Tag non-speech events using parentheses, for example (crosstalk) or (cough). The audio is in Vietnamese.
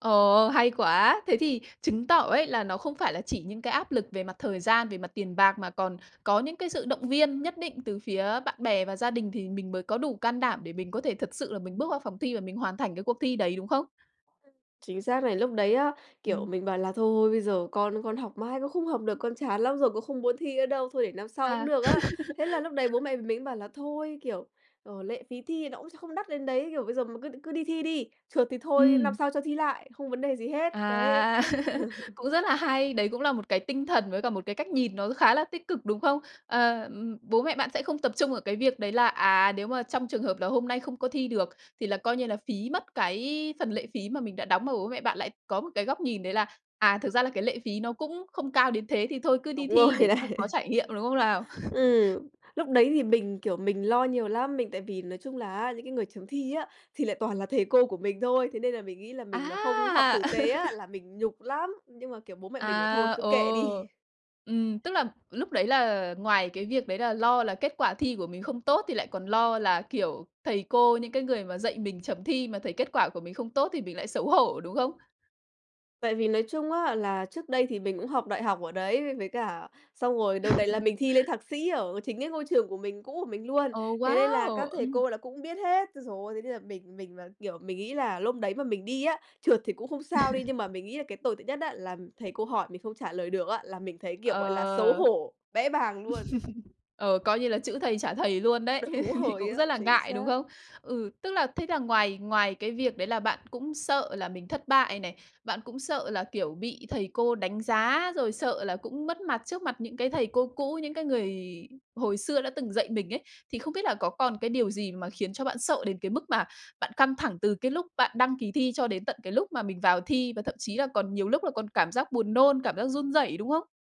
Ồ, hay quá, thế thì chứng tỏ ấy, là nó không phải là chỉ những cái áp lực về mặt thời gian, về mặt tiền bạc mà còn có những cái sự động viên nhất định từ phía bạn bè và gia đình thì mình mới có đủ can đảm để mình có thể thật sự là mình bước vào phòng thi và mình hoàn thành cái cuộc thi đấy, đúng không? Ừm, chính xác này, lúc đấy á, kiểu, Ừm. mình bảo là thôi, thôi, bây giờ con con học mãi cũng không học được, con chán lắm rồi cũng không muốn thi nữa đâu, thôi để năm sau cũng À. được á. Thế là lúc đấy bố (laughs) mẹ mình mới bảo là thôi, kiểu, ờ, lệ phí thi nó cũng không đắt đến đấy, kiểu bây giờ mà cứ cứ đi thi đi, trượt thì thôi, năm Ừm. sau cho thi lại, không vấn đề gì hết, đấy. À, (laughs) (chuckles) cũng rất nà hay, đấy cũng là một cái tinh thần với cả một cái cách nhìn nó khá là tích cực, đúng không? Ờ, ừm, bố mẹ bạn sẽ không tập trung ở cái việc đấy là, à, nếu mà trong trường hợp là hôm nay không có thi được thì là coi như là phí mất cái phần lệ phí mà mình đã đóng, mà bố mẹ bạn lại có một cái góc nhìn đấy là, à, thực ra là cái lệ phí nó cũng không cao đến thế thì thôi cứ Đúng đi rồi thi để cho có này. trải nghiệm, đúng không nào? (chuckles) Ừm, lúc đấy thì mình, kiểu, mình lo nhiều lắm, mình tại vì nói chung là á, những cái người chấm thi á, thì lại toàn là thầy cô của mình thôi, thế nên là mình nghĩ là mình mà không học À! tử tế á, (laughs) là mình nhục lắm, nhưng mà kiểu bố mẹ mình bảo thôi, À, cứ kệ ồ, đi. ừm, tức là lúc đấy là ngoài cái việc đấy là lo là kết quả thi của mình không tốt thì lại còn lo là, kiểu, thầy cô, những cái người mà dạy mình chấm thi mà thấy kết quả của mình không tốt thì mình lại xấu hổ, đúng không? Tại vì nói chung á, là trước đây thì mình cũng học đại học ở đấy v với cả xong rồi đợt này là mình (laughs) thi lên thạc sĩ ở chính cái ngôi trường của mình cũ của mình luôn. Ồ, Thế nên là wow! các thầy Ừm. cô là cũng biết hết, ôi giời ơi, thế nên là mình mình mà, kiểu, mình nghĩ là lúc đấy mà mình đi á, trượt thì cũng không sao đi, nhưng mà (laughs) mình nghĩ là cái tồi tệ nhất á, là thầy cô hỏi mình không trả lời được á, là mình thấy kiểu, gọi là, xấu Ờ. (chuckles) hổ, bẽ bàng luôn. Ờ, coi như là chữ thầy trả thầy luôn đấy, Đúng (chuckles) rồi cũng á, rất là chính ngại, đúng xác. không? Ừ, tức là thế là ngoài ngoài cái việc đấy là bạn cũng sợ là mình thất bại này, bạn cũng sợ là, kiểu, bị thầy cô đánh giá rồi sợ là cũng mất mặt trước mặt những cái thầy cô cũ, những cái người hồi xưa đã từng dạy mình ấy, thì không biết là có còn cái điều gì mà khiến cho bạn sợ đến cái mức mà bạn căng thẳng từ cái lúc bạn đăng ký thi cho đến tận cái lúc mà mình vào thi và thậm chí là còn nhiều lúc là còn cảm giác buồn nôn, cảm giác run rẩy, đúng không?